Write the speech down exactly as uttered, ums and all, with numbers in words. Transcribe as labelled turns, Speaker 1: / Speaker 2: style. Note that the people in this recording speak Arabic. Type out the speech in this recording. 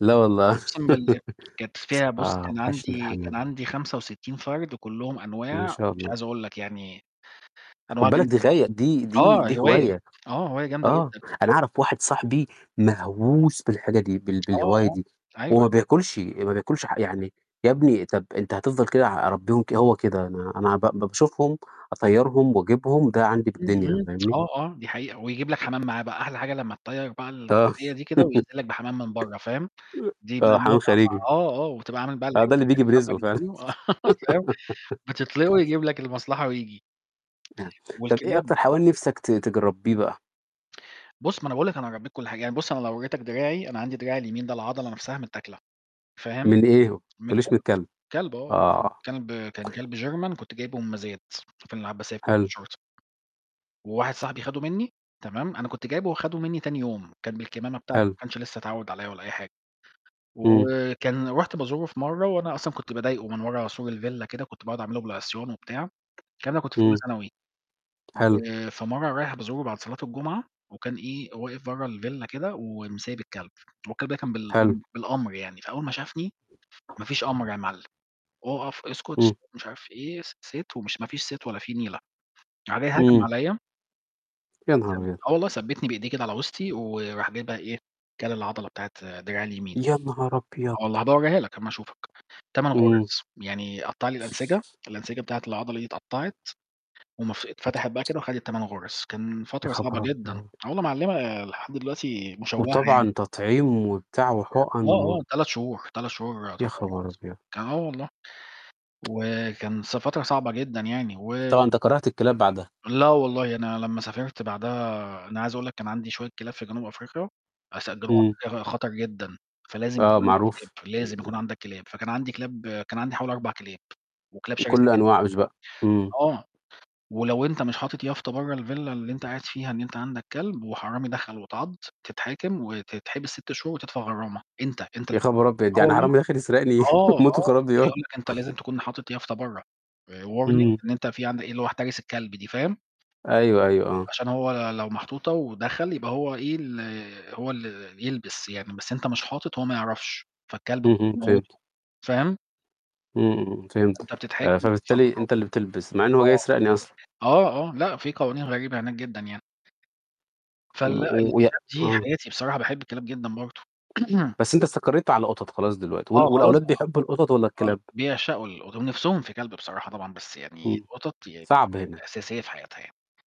Speaker 1: لا، والله
Speaker 2: أُقسم بالله. كانت فيها بُص،
Speaker 1: آه،
Speaker 2: كان
Speaker 1: وحَشني
Speaker 2: عندي كان
Speaker 1: الحمام.
Speaker 2: عندي خمسة وستين فرد كلّهم
Speaker 1: إن
Speaker 2: أنواع،
Speaker 1: شاء
Speaker 2: مش
Speaker 1: الله.
Speaker 2: عايز أقول لك يعني، أنواع
Speaker 1: خُدّ بالَك دي
Speaker 2: جامدة
Speaker 1: غايّة
Speaker 2: جدًا.
Speaker 1: دي دي
Speaker 2: آه،
Speaker 1: دي
Speaker 2: هواية.
Speaker 1: هواية.
Speaker 2: آه، هواية جامدة
Speaker 1: آه،
Speaker 2: جدًا.
Speaker 1: أنا أعرف واحد صاحبي مهووس بالحاجة دي، بال
Speaker 2: آه،
Speaker 1: بالهواية
Speaker 2: آه،
Speaker 1: دي. هو
Speaker 2: أيوه.
Speaker 1: ما بياكُلّشي، ما بياكُلّشي ح يعني، يا ابني طب إنت هتفضَل كده ع هربيهم ك هو كده، أنا أنا هبأ باشوفهم أطّيرهُم وأجيبهُم، ده عندي
Speaker 2: إمم،
Speaker 1: بالدنيا،
Speaker 2: إمم.
Speaker 1: فاهمني.
Speaker 2: آه، آه، دي حقيقة، ويجيب لك حمام معاه بقى، أحلى حاجة لمّا تطير بقى
Speaker 1: آه،
Speaker 2: الغية دي كده وييجي لك بحمام من برّه، فاهم، دي بقى
Speaker 1: آه، حمام
Speaker 2: المتعة بقى.
Speaker 1: خارجي.
Speaker 2: آه، آه، وتبقى عامل بقى
Speaker 1: أهو ده اللي
Speaker 2: [unintelligible]
Speaker 1: بييجي برزقه فعلًا
Speaker 2: فاهم، بتِطلقه، ويجيب لَك المصلحة وييجي.
Speaker 1: آه، طَب إيه
Speaker 2: والكلاب
Speaker 1: أكتر حيوان نِفسَك ت تج ترّبيه بقى؟
Speaker 2: بُص، ما أنا باقول لك أنا ربيت كل حاجة. يعني بُص، أنا لو وريتك دراعي، أنا عندي دراعي اليمين ده العضلة نفسها متآكلة، فاهم،
Speaker 1: من إيه؟ ما
Speaker 2: من
Speaker 1: تقولّيّش من
Speaker 2: كلب.
Speaker 1: الكلب،
Speaker 2: كلب آه، آه،
Speaker 1: آه.
Speaker 2: كلب كان كلب German كنت جايبه من مزاد في العباسية
Speaker 1: حلو.
Speaker 2: [unintelligible] وواحد صاحبي خَدُه مني، تمام، أنا كنت جايبه، خَدُه مني تاني يوم، كان بالكمامة بتاع
Speaker 1: حلو.
Speaker 2: ما كانش لسة اتعود عليَّ ولا أي حاجة.
Speaker 1: امم.
Speaker 2: وكان رُحت بازوره في مرّة، وأنا أصلًا كنت باضايقه من ورا سور الvilla كده، كنت باقعد أعمل له بالعصيان وبتاع. الكلام ده كنت في أولى
Speaker 1: امم.
Speaker 2: ثانوي.
Speaker 1: حلو.
Speaker 2: فمرّة رايح بازوره بعد صلاة الجمعة، وكان إيه، واقف برّه الvilla كده، ومسيب الكلب. والكلب كان بال
Speaker 1: حلو.
Speaker 2: بالأمر يعني، فأول ما شافني، ما فيش أمر يا معلم. أُقف، اسكت، س
Speaker 1: امم.
Speaker 2: مش عارف إيه، س sit ومش ما فيش sit ولا في نيلة [unintelligible] هجم
Speaker 1: امم.
Speaker 2: عليَّ
Speaker 1: يا
Speaker 2: ثَّب
Speaker 1: نهارأبيض!
Speaker 2: آه والله، ثَّبتني بإيديه كده على وسطي، وراح جايب بقى إيه، كل العضّلة بتاعة دراعي اليمين
Speaker 1: يا نهار أبيض!
Speaker 2: آه والله، هبقى أوريها لَك أمّا أشوفك. تمن
Speaker 1: امم.
Speaker 2: غُرز، يعني قطّع لي الأنسجة، الأنسجة بتاعة العضّلة دي اتقطّعت، ومف اتفتحت بقى كده، وخدت تمن غُرز. كان
Speaker 1: يا
Speaker 2: فترة صعبة
Speaker 1: خبر
Speaker 2: جدًا.
Speaker 1: أبيض!
Speaker 2: آه والله معلّمة، لحد دلوقتي مشوَّهة [unintelligible]
Speaker 1: وطبعًا تطعيم وبتاع وحقن
Speaker 2: يعني آه،
Speaker 1: و
Speaker 2: آه، تلات شهور، تلات
Speaker 1: يا خبر
Speaker 2: تطعيمات
Speaker 1: أبيض!
Speaker 2: آه والله. وكان س فترة صعبة جدًا يعني، و
Speaker 1: وطبعًا إنت كرِهت الكلاب بعدها.
Speaker 2: لا، والله، أنا لمّا سافرت بعدها أنا عايز أقول لَك كان عندي شوية كلاب في جنوب أفريقيا، [unintelligible]
Speaker 1: امم.
Speaker 2: أخا خطر جدًا، فلازم
Speaker 1: آه،
Speaker 2: يكون عندَك كلاب،
Speaker 1: معروف.
Speaker 2: لازم
Speaker 1: امم.
Speaker 2: يكون عندَك كلاب. فكان عندي كلاب كان عندي حوالي أربع كلاب، وكلاب
Speaker 1: وكل
Speaker 2: شرسة جدًا.
Speaker 1: الأنواع [unintelligible] بقى، امم.
Speaker 2: آه، ولو أنت مش حاطِط يافطة برة الvilla اللي انت قاعد فيها إن انت عندك كلب، وحرامي دخل واتعضّ، تتحاكم، وتتحبس ست شهور، وتدفع غرامة.أنت أنت
Speaker 1: يا
Speaker 2: ال
Speaker 1: خبر أبيض!
Speaker 2: آه
Speaker 1: يعني
Speaker 2: والله.
Speaker 1: حرامي داخِل يسرقني
Speaker 2: آه،
Speaker 1: موت
Speaker 2: آه،
Speaker 1: وخراب
Speaker 2: ما
Speaker 1: ديار.
Speaker 2: يقول لَك أنت لازِم تكون حاطِط يافطة برّه، warning
Speaker 1: امم.
Speaker 2: إن أنت في عندَك اللي هو احترس الكلب دي، فاهِم.
Speaker 1: أيوه، أيوه، آه.
Speaker 2: عشان هو لو محطوّطة ودخل يبقى هو إيه، ال هو اللي يلبس يعني، بس أنت مش حاطِط، هو ما يعرفش، فالكلب [unintelligible]
Speaker 1: اهم، فهِمت.
Speaker 2: يمّوّتهُم، فاهِم.
Speaker 1: امم، امم، فهمت.
Speaker 2: أنت بتتحَاكِم وبتدفع
Speaker 1: فبالتالي أنت اللي
Speaker 2: غرامة.
Speaker 1: بتلبس، مع إن هو جاي يسرقنّي أصلًا.
Speaker 2: آه، آه، آه، لأ، في قوانين غريبة هناك جدًا يعني.
Speaker 1: و
Speaker 2: فالأ
Speaker 1: و ويا
Speaker 2: الكلاب دي
Speaker 1: آه.
Speaker 2: حياتي، بصراحة باحب الكلاب جدًا، برضو.
Speaker 1: بس، أنت استقريت على قطط خلاص دلوقتي،
Speaker 2: آه،
Speaker 1: وال
Speaker 2: خلاص
Speaker 1: والأولاد
Speaker 2: بقى.
Speaker 1: بيحّبوا القطط والّا
Speaker 2: آه،
Speaker 1: الكلاب؟
Speaker 2: بيعشقوا القط و نِفسهُم في كلب بصراحة طبعًا، بس يعني
Speaker 1: امم.
Speaker 2: القطط يعني
Speaker 1: صعب هنا؟
Speaker 2: أساسية في حياتها يعني.